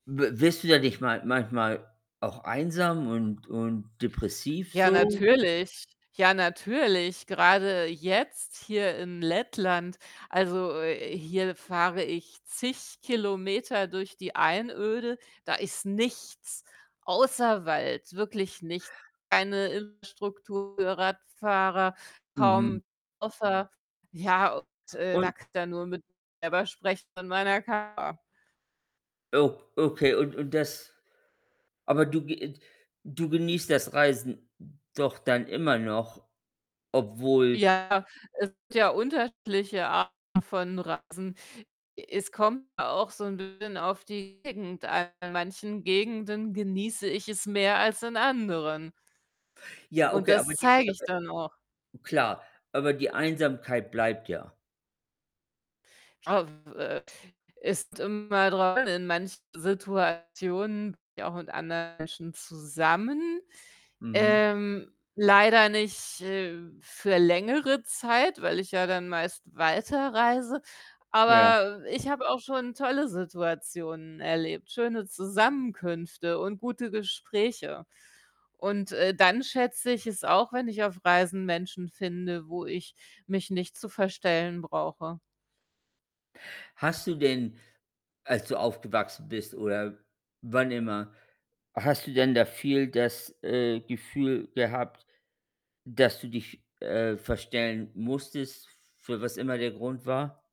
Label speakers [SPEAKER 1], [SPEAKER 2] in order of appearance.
[SPEAKER 1] W wirst du da nicht mal manchmal auch einsam und und depressiv
[SPEAKER 2] Ja,
[SPEAKER 1] so?
[SPEAKER 2] natürlich. Ja, natürlich, grade jetzt hier in Lettland. Also, hier fahre ich zig Kilometer durch die Einöde. Da ist nichts außer Wald, wirklich nicht. Keine Infrastruktur für Radfahrer,
[SPEAKER 1] Mhm.
[SPEAKER 2] kaum [unintelligible] Ja, und, äh, da
[SPEAKER 1] Und
[SPEAKER 2] kann ich dann nur mit selber sprechen in meiner. [unintelligible]
[SPEAKER 1] Ob okay, und und das Aber du ge du genießt das Reisen doch dann immer noch, obwohl
[SPEAKER 2] Ja, es gibt ja unterschiedliche Arten von Reisen. Es kommt auch so 'n bisschen auf die Gegend an. In manchen Gegenden genieße ich es mehr als in anderen
[SPEAKER 1] Ja,
[SPEAKER 2] und
[SPEAKER 1] okay, aber
[SPEAKER 2] das
[SPEAKER 1] die
[SPEAKER 2] zeige ich dann auch.
[SPEAKER 1] aber Klar, aber die Einsamkeit bleibt ja.
[SPEAKER 2] [unintelligible] Äh, ist immer dran. In manchen Situationen bin ich auch mit anderen Menschen zusammen.
[SPEAKER 1] Mhm.
[SPEAKER 2] Ähm, leider nicht, äh, für längere Zeit, weil ich ja dann meist weiterreise.
[SPEAKER 1] Ja.
[SPEAKER 2] Aber ich habe auch schon tolle Situationen erlebt, schöne Zusammenkünfte und gute Gespräche. Und, äh, dann schätze ich es auch, wenn ich auf Reisen Menschen finde, wo ich mich nicht zu verstellen brauche.
[SPEAKER 1] Hast du denn als du aufgewachsen bist oder wann immer hast du denn da viel das, äh, Gefühl gehabt, dass du dich, äh, verstellen musstest, für was immer der Grund war?